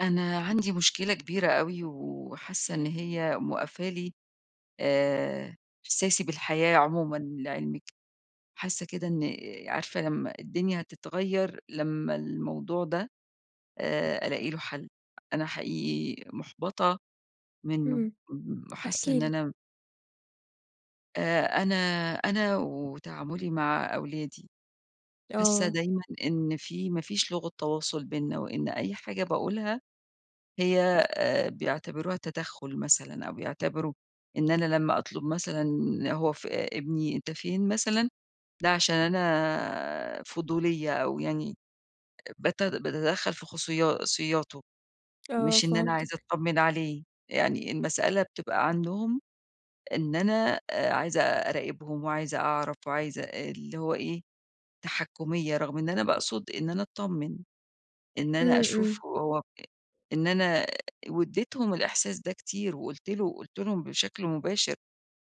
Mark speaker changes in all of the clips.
Speaker 1: أنا عندي مشكلة كبيرة أوي، وحاسة إن هي موقفة لي آآ، إحساسي بالحياة عمومًا لعلمك، حاسة كده إن عارفة لما الدنيا هتتغير لما الموضوع ده، آآ ألاقي له حل. أنا حقيقي مُحبطة منه
Speaker 2: امم
Speaker 1: امم، وحاسة
Speaker 2: احكي
Speaker 1: إن
Speaker 2: لي؟
Speaker 1: أنا آآ، أنا أنا وتعامُلي مع أولادي. حاسة
Speaker 2: آه.
Speaker 1: دايمًا إن في ما فيش لغة تواصل بيننا وإن أي حاجة باقولها هي آآ، بيعتبروها تدَخُل مثلًا أو بيعتبروا إن أنا لما أطلب مثلًا هو ف ابني، أنت فين مثلًا، ده عشان أنا فضولية أو يعني آآ، بت باتدخل في خصوصياته
Speaker 2: آه
Speaker 1: مش إن أنا عايزة
Speaker 2: فِهمتِك.
Speaker 1: أطمن عليه. يعني المسألة بتبقى عندهم إن أنا عايزة أراقبهم وعايزة أعرَف وعايزة اللي هو إيه، تحكُّمية. رغم إن أنا باقصد إن أنا أتطمن، إن أنا
Speaker 2: امم،
Speaker 1: أشوف
Speaker 2: امم.
Speaker 1: هو آآ إن أنا واديتهم الإحساس ده كتير، وقلت له قلت لهم بشكل مباشر: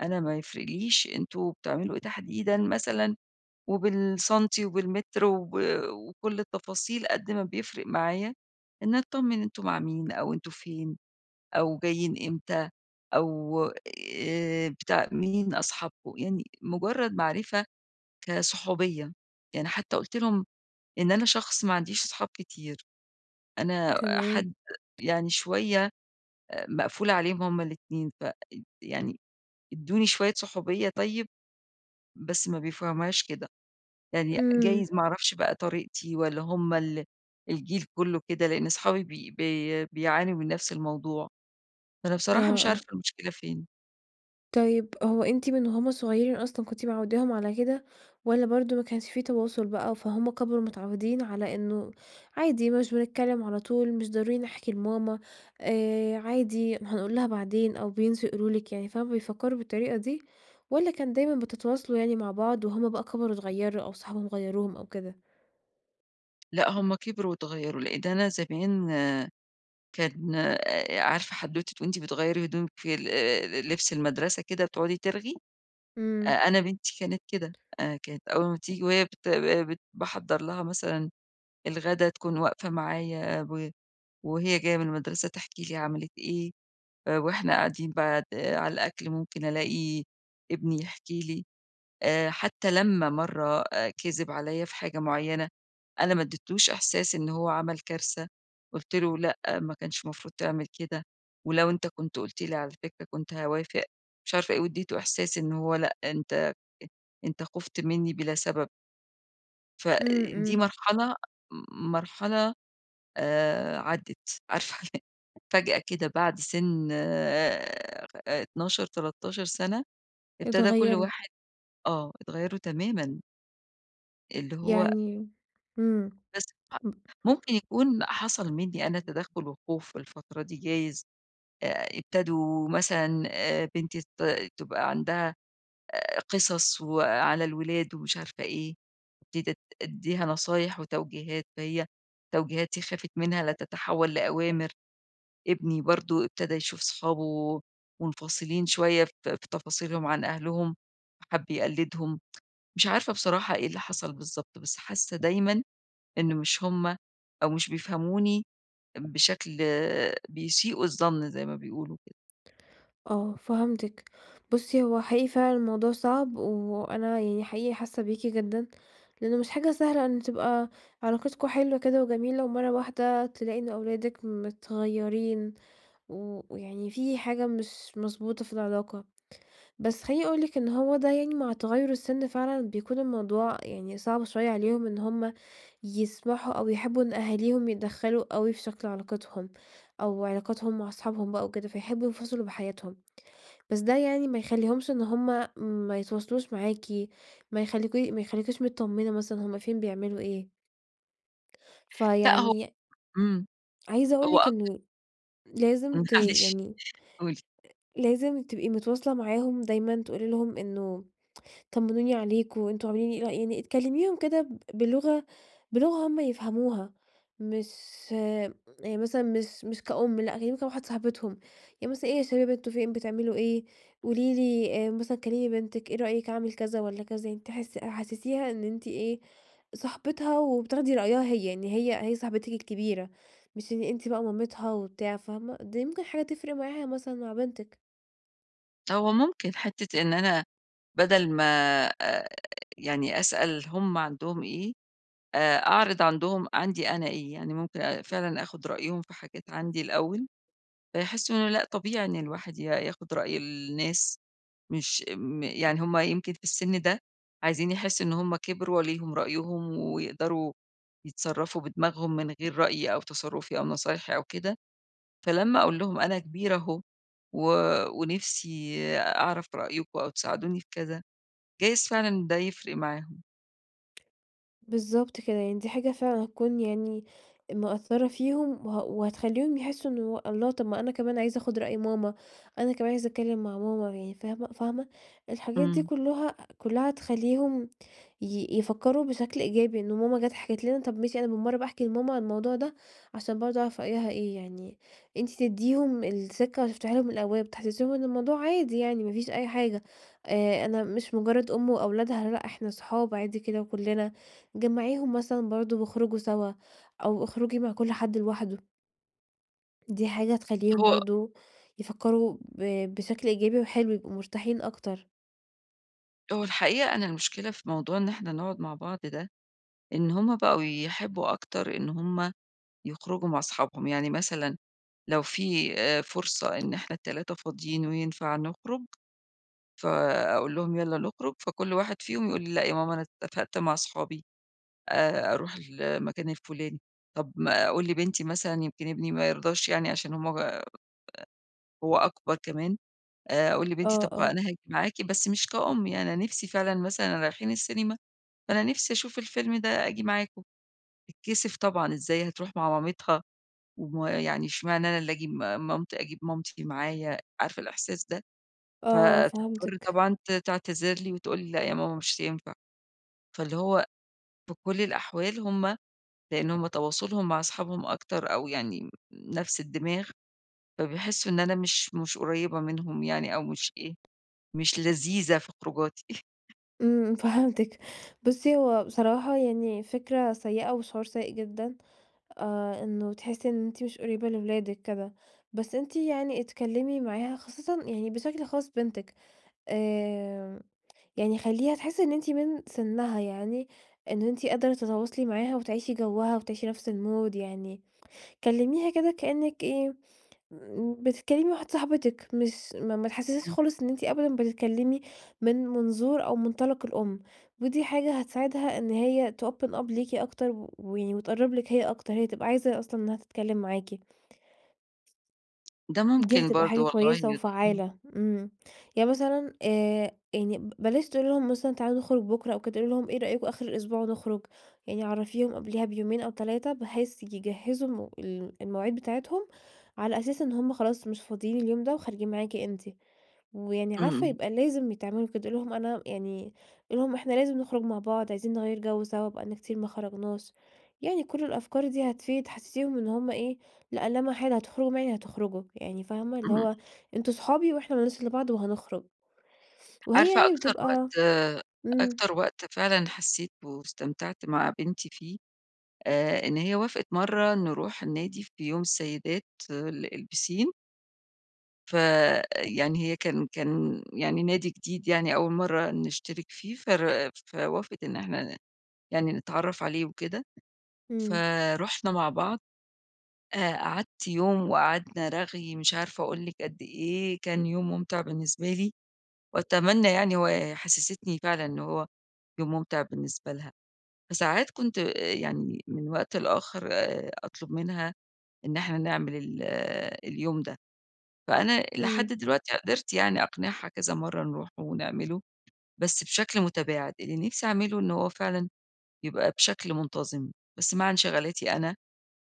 Speaker 1: "أنا ما يفرقليش أنتم بتعملوا إيه تحديدًا مثلًا، وبالسَنتي وبالمتر وب وكل التفاصيل، قد ما بيفرِق معايا إني أتطمن أنتم مع مين أو أنتم فين أو جايين إمتى، أو آآ، بتاع مين أصحابكم؟" يعني مجرد معرِفة كصحوبية يعني، حتى قلت لهم إن أنا شخص ما عنديش صحاب كتير، أنا
Speaker 2: تمام.
Speaker 1: حد يعني شوية آآ، مقفولة عليهم هما الاتنين، فإد يعني ادوني شوية صحوبية طيب. بس ما بيفهموهاش كده، يعني
Speaker 2: امم.
Speaker 1: جايز ما أعرفش بقى طريقتي والّا همَّا ال الجيل كله كده، لأن صحابي بي بي بِيعانوا من نفس الموضوع. فأنا
Speaker 2: آه،
Speaker 1: بصراحة مش عارفة
Speaker 2: آه.
Speaker 1: المشكلة فين؟
Speaker 2: طيب، هو أنتِ من وهم صغيرين أصلًا، كنتِ معوداهم على كده، والَّا برضه ما كانش في تواصل بقى، فهم كبروا متعودين على إنه عادي مش بنتكلم على طول، مش ضروري نحكي لماما، آآ عادي هنقول لها بعدين، أو بينسوا يقولوا لِك يعني. فهُم بيفكروا بالطريقة دي، والَّا كان دايمًا بتتواصلوا يعني مع بعض، وهم بقى كبروا اتغيروا أو صحابهم غيروهم أو كده؟
Speaker 1: لأ، هم كبروا واتغيروا، لإن أنا زمان كان آآ عارفة حدوتة وأنتِ بتغيّري هدومك في ال آآ لبس المدرسة كده وتقعدي ترغي؟
Speaker 2: امم.
Speaker 1: أنا بنتي كانت كده، أنا كانت أول ما تيجي وهي بت بت باحضر لها مثلًا الغدا تكون واقفة معايا و وهي جاية من المدرسة تحكي لي عملت إيه، آآ، وإحنا قاعدين بعد على الأكل ممكن ألاقي ابني يحكي لي. آآ، حتى لما مرة كذب عليّا في حاجة معينة، أنا ما اديتلوش إحساس إن هو عمل كارثة، قلت له "لأ، ما كانش مفروض تعمل كده، ولو أنت كنت قلت لي على فكرة كنت هاوافق،" مش عارفة إيه واديته إحساس إن هو لأ، أنت أنت خفت مني بلا سبب.
Speaker 2: امم،
Speaker 1: فدي
Speaker 2: امم
Speaker 1: مرحلة م مرحلة، آآ عدت، عارفة ال فجأة كده بعد سن 12، 13 سنة، ابتدى كل
Speaker 2: اتغيروا.
Speaker 1: واحد آه، اتغيروا تمامًا. اللي هو
Speaker 2: يعني امم.
Speaker 1: بس [unintelligible]
Speaker 2: [unintelligible]
Speaker 1: ممكن يكون حصل مني أنا
Speaker 2: [unintelligible]
Speaker 1: تدخل وخوف الفترة دي جايز، آآ، ابتدوا مثلًا بنتي ت تبقى عندها آآ قصص و على الولاد ومش عارفة إيه، ابتديت أد أدّيها نصايح وتوجيهات، فهي توجيهاتي خافت منها لَتتحول لأوامر. ابني برضو ابتدى يشوف صحابه منفصلين شوية في في تفاصيلهم عن أهلهم، فحَبّ يقلّدهم. مش عارفة بصراحة إيه اللي حصل بالضبط، بس حاسة دايمًا إن مش هم أو مش بيفهموني بشكل بيسيئوا الظن زي ما بيقولوا كده.
Speaker 2: آه، فهمتِك. بُصّي، هو حقيقي فعلًا الموضوع صعب، وأنا يعني حقيقي حاسة بيكِ جدًا، لإنه مش حاجة سهلة إن تبقى علاقتكم حلوة كده وجميلة، ومرة واحدة تلاقي إنه أولادِك متغيرين و ويعني في حاجة مش مضبوطة في العلاقة. بس خلّيني أقول لِك إنه هو ده يعني مع تغير السن فعلًا بيكون الموضوع يعني صعب شوية عليهم إن هم يسمحوا أو يحبوا إن أهاليهم يتدخلوا أوي في شكل علاقتهم أو علاقاتهم مع أصحابهم بقى وكده، فيحبوا ينفصلوا بحياتهم، بس ده يعني ما يخلّيهمش إن هم ما يتواصلوش معاكِ ما يخليكِ ما يخليكيش متطمنة مثلًا هم فين، بيعملوا إيه.
Speaker 1: لأ، هو
Speaker 2: فيعني
Speaker 1: امم،
Speaker 2: عايزة أقول
Speaker 1: هو
Speaker 2: لِك
Speaker 1: آه، [unintelligible]
Speaker 2: إنه لازم ت
Speaker 1: معلش،
Speaker 2: يعني،
Speaker 1: قولي.
Speaker 2: لازم ت تبقي متواصلة معاهم دايمًا تقولي لهم إنه طمنوني عليكم، أنتم عاملين إيه؟ إيه رأ يعني تكلميهم كده ب بلغة بلغة هم يفهموها، مش يعني مثلًا مش مش كأم، لأ كلّميهم كواحدة صاحبتهم، يعني مثلًا، إيه يا شباب أنتم فين؟ بتعملوا ايه؟ قولي لي آآ، مثلًا كلمي بنتِك، إيه رأيِك أعمل كذا والّا كذا؟ أنتِ حس حسسيها إن أنتِ إيه، صاحبتها وبتاخدي رأيها هي، يعني هي هي صاحبتِك الكبيرة مش إن أنتِ بقى مامتها وبتاع، فاهمة؟ دي ممكن حاجة تفرق معاها مثلًا، مع بنتِك.
Speaker 1: هو ممكن حتة إن أنا بدل ما آآ يعني أسأل هم عندهم إيه، آآ، أعرض عندهم عندي أنا إيه، يعني ممكن أ فعلًا آخد رأيهم في حاجات عندي الأول، فيحسوا إن أنا لأ، طبيعي إن الواحد ي ياخد رأي الناس، مش م يعني هم يمكن في السن ده، عايزين يحسوا إن هم كبروا، وليهم رأيهم، ويقدروا يتصرفوا بدماغهم من غير رأيي أو تصرفي أو نصايحي أو كده، فلما أقول لهم أنا كبيرة أهو، و ونفسي أعرف رأيكم أو تساعدوني في كذا، جايز فعلًا ده يفرق معاهم.
Speaker 2: بالضبط كده يعني، دي حاجة فعلًا هتكون يعني مأثرة فيهم، وه وهتخليهم يحسوا إنه الله طب ما أنا كمان عايز آخد رأي ماما، أنا كمان عايز أتكلم مع ماما، يعني فاهمة فاهمة؟ الحاجات دي
Speaker 1: إمم.
Speaker 2: كلها كلها تخليهم ي يفكروا بشكل إيجابي، إن ماما جات حكت لنا، طب ماشي أنا بالمَرّة أحكي لماما عن الموضوع ده، عشان برضه أعرف رأيها إيه، يعني أنتِ تديهم الثقة وتفتحي لهم الأبواب، تحسسيهم إن الموضوع عادي يعني ما فيش أي حاجة، آآ أنا مش مجرد أم وأولادها، لأ إحنا صحاب عادي كده وكلنا. جمعيهم مثلًا برضه واخرجوا سوا، أو اخرجي مع كل حد لوحده. دي حاجة هتخليهم
Speaker 1: هو
Speaker 2: برضه يفكروا ب بشكل إيجابي وحلو، يبقوا مرتاحين أكتر.
Speaker 1: هو الحقيقة أنا المشكلة في موضوع إن إحنا نقعد مع بعض ده، إن هم بقوا يحبّوا أكتر إن هم يخرجوا مع صحابهم. يعني مثلًا، لو في آآ فرصة إن إحنا ال3 فاضيين وينفع نخرج، فأقول لهم: "يالّا نخرُج." فكل واحد فيهم يقول لي: "لأ يا ماما، أنا اتفقت مع صحابي، آآ أروح المكان الفلاني." طب ما أقول لبنتي مثلًا، يمكن ابني ما يرضاش يعني عشان هم ب [unintelligible] هو أكبر كمان، آآ، أقول لبنتي:
Speaker 2: آه،
Speaker 1: "طب خ
Speaker 2: آه.
Speaker 1: أنا هاجي معاكِ، بس مش كأم يعني، أنا نفسي فعلًا، مثلًا رايحين السينما، فأنا نفسي أشوف الفيلم ده، آجي معاكم." تتكسِف طبعًا، إزاي هتروح مع مامتها ويعني إشمعنى أنا اللي آجي مامت أجيب مامتي معايا! عارفة الإحساس ده؟
Speaker 2: آه،
Speaker 1: فتضطر
Speaker 2: فهمتِك.
Speaker 1: طبعًا ت تعتذر لي، وتقول لي: "لأ يا ماما، مش هينفع." فاللي هو في كل الأحوال هم لأن هم تواصلهم مع صحابهم أكتر أو يعني ن نفس الدماغ، فبيحسّوا إن أنا مش مش قريبة منهم يعني أو مش إيه، مش لذيذة في خروجاتي.
Speaker 2: إمم، فهمتِك. بُصِّي، هو بصراحة يعني فكرة سيئة، وشعور سيئ جدًا، آآ، إنه تحسي إن أنتِ مش قريبة لولادِك كده. بس أنتِ يعني اتكلمي معاها، خصوصًا يعني بشكل خاص بنتِك. آآ، يعني خَلِّيها تحس إنّ أنتِ من سنّها يعني، إن أنتِ قادرة تتواصلي معاها وتعيشي جَوّها وتعيشي نفس المود يعني، كلميها كده كأنك إيه، بتتكلمي مع واحدة صاحبتِك مش ما تحسسيهاش
Speaker 1: [unintelligible]
Speaker 2: خالص إن انتِ أبدًا بتتكلمي من منظور أو منطلق الأم. ودي حاجة هتساعدها إن هي تopen up ليكِ أكتر، و وتقرّب لِك هي أكتر، هي تبقى عايزة أصلًا إنها تتكلم معاكِ.
Speaker 1: ده
Speaker 2: دي
Speaker 1: ممكن
Speaker 2: هتبقى
Speaker 1: برضو
Speaker 2: حاجة
Speaker 1: والله
Speaker 2: كويسة
Speaker 1: ي [unintelligible]
Speaker 2: وفعّالة. إمم، يعني مثلًا، آآ، يعني بلاش تقولي لهم مثلًا: "تعالوا نخرج بُكرة أو كده." قولي لهم: "إيه رأيكم آخر الأسبوع نخرج؟" يعني عرّفيهم قبليها بيومين أو 3، بحيث يجهّزوا م ال المواعيد بتاعتهم على أساس إن هم خلاص مش فاضيين اليوم ده وخارجين معاكِ أنتِ. ويعني
Speaker 1: إمم،
Speaker 2: عارفة
Speaker 1: إمم.
Speaker 2: يبقى لازم ي تعملوا كده. قولي لهم أنا يعني، قولي لهم: "إحنا لازم نخرج مع بعض، عايزين نغيّر جَوّ سوا، بقالنا كتير ما خرجناش." يعني كل الأفكار دي هتفيد. حسّسيهم إنّ هم إيه لأ، لا محالة هتخرجوا معايا يعني هتخرجوا، يعني فاهمة؟ اللي
Speaker 1: إمم.
Speaker 2: هو أنتم أصحابي وإحنا ما لناش إلّا بعض وهنخرج. وهي
Speaker 1: عارفة
Speaker 2: يعني
Speaker 1: أكتر
Speaker 2: بتبقى
Speaker 1: وقت، آآ،
Speaker 2: إمم.
Speaker 1: أكتر وقت فعلًا حسّيت به واستمتعت مع بنتي فيه، آآ، إن هي وافقت مرّة نروح النادي في يوم السيدات، ال البِسِين فيعني، هي كان كان يعني نادي جديد يعني أول مرة نشترك فيه، فر فوافقت إن إحنا يعني نتعرف عليه وكده،
Speaker 2: إمم.
Speaker 1: فرُحنا مع بعض، آآ قعدت يوم وقعدنا رغي، مش عارفة أقول لِك قد إيه، كان يوم ممتع بالنسبة لي، وأتمنى يعني وحسستني فعلًا إن هو يوم ممتع بالنسبة لها. فساعات كنت آآ يعني من وقت لآخر آآ أطلب منها، إن إحنا نعمل ال اليوم ده، فأنا لحد
Speaker 2: إمم.
Speaker 1: دلوقتي قدرت يعني أقنعها كذا مرة نروح ونعمله بس بشكل متباعد، اللي نفسي أعمله إن هو فعلًا يبقى بشكل منتظم. بس مع انشغالاتي أنا،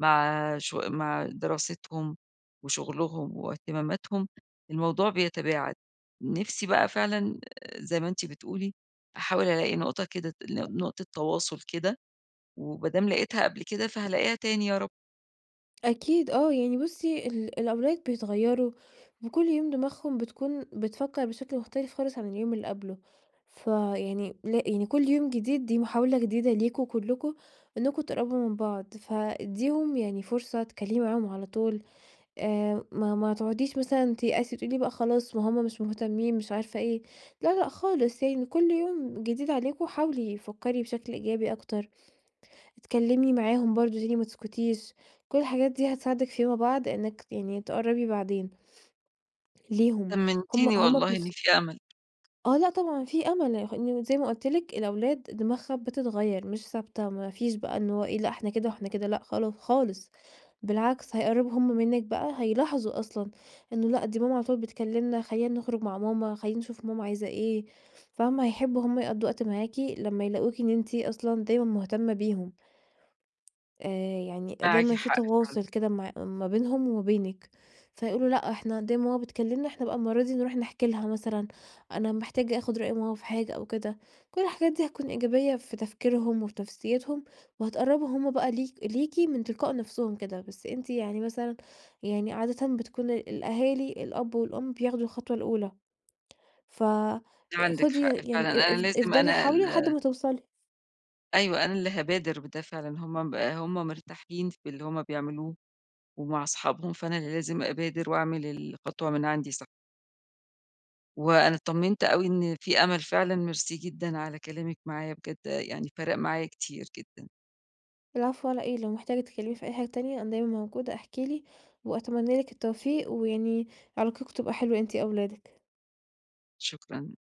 Speaker 1: مع ش مع دراستهم وشغلهم واهتماماتهم الموضوع بيتباعد. نفسي بقى فعلًا آآ- زي ما أنتِ بتقولي- أحاول ألاقي نقطة كده، نقطة تواصل كده، وما دام لقيتها قبل كده فهالاقيها تاني يا رب.
Speaker 2: أكيد آه، يعني بُصِي ال الأولاد بيتغيروا وكل يوم دماغهم بتكون بتفكر بشكل مختلف خالص عن اليوم اللي قبله، فيعني يعني كل يوم جديد دي محاولة جديدة ليكم كلكم إنّكم تقربوا من بعض، فادّيهم يعني فرصة اتكلمي معاهم على طول، آآ، ما ما تقعديش مثلًا تيأسي تقولي بقى خلاص، ما همّ مش مهتمين مش عارفة إيه لا، لأ خالص. يعني كل يوم جديد عليكم حاولي فكري بشكل إيجابي أكتر، أتكلمي معاهم برضو تاني ما تسكتيش، كل الحاجات دي هتساعدِك فيما بعد إنِك يعني تقربي بعدين ليهم همّ
Speaker 1: طمنتيني
Speaker 2: -همّ
Speaker 1: والله، إن
Speaker 2: بنفس
Speaker 1: في أمل.
Speaker 2: آه، لأ طبعًا في أمل،- إن زي ما قلت لِك- الأولاد دماغها بتتغيّر مش ثابتة. ما فيش بقى إن هو إيه لأ إحنا كده وإحنا كده لأ خال خالص بالعكس، هيقربوا همّ منِك بقى هيلاحظوا أصلًا إنّه لأ، دي ماما على طول بتكلمنا، خلّينا نخرج مع ماما، خلّينا نشوف ماما عايزة إيه، فاهمة؟ هيحبوا همّ يقضوا وقت معاكِ لمّا يلاقوكِ إن أنتِ أصًلا دايمًا مهتمة بيهم. آآ يعني
Speaker 1: معاكِ
Speaker 2: دايمًا في
Speaker 1: حق فعلًا.
Speaker 2: تواصل كده مع ما بينهم وبينك، فيقولوا لأ إحنا دايمًا ماما بتكلمنا، إحنا بقى المرّة دي نروح نحكى لها مثلًا، أنا محتاج آخد رأي ماما في حاجة أو كده، كل الحاجات ديّة هتكون إيجابية في تفكيرهم وفي نفسيتهم، وهتقربهم همّ بقى ل لِيكِ من تلقاء نفسهم كده، بس أنتِ يعني مثلًا يعني عادة بتكون الأهالي الأب والأم بياخدوا الخطوة الأولى. ف
Speaker 1: عندِك
Speaker 2: خدي
Speaker 1: حق فعلًا،
Speaker 2: يعني
Speaker 1: أنا
Speaker 2: اف
Speaker 1: لازم
Speaker 2: افضلي
Speaker 1: أنا
Speaker 2: حاولي لحد
Speaker 1: ال
Speaker 2: ما توصلي.
Speaker 1: أيوه، أنا اللي هابادر بده فعلًا همّ ب همّ مرتاحين في اللي همّ بيعملوه، ومع أصحابهم، فأنا اللي لازم أبادر وأعمل الخطوة من عندي صح. وأنا اطمنت أوي إن في أمل، فعلًا ميرسي جدًا على كلامِك معايا، بجد يعني فارق معايا كتير جدًا.
Speaker 2: العفو على إيه. لو محتاجة تتكلمي في أي حاجة تانية أنا دايمًا موجودة، احكي لي وأتمنى لِك التوفيق، ويعني علاقتكم تبقى حلوة أنتِ أولادِك.
Speaker 1: شكرًا.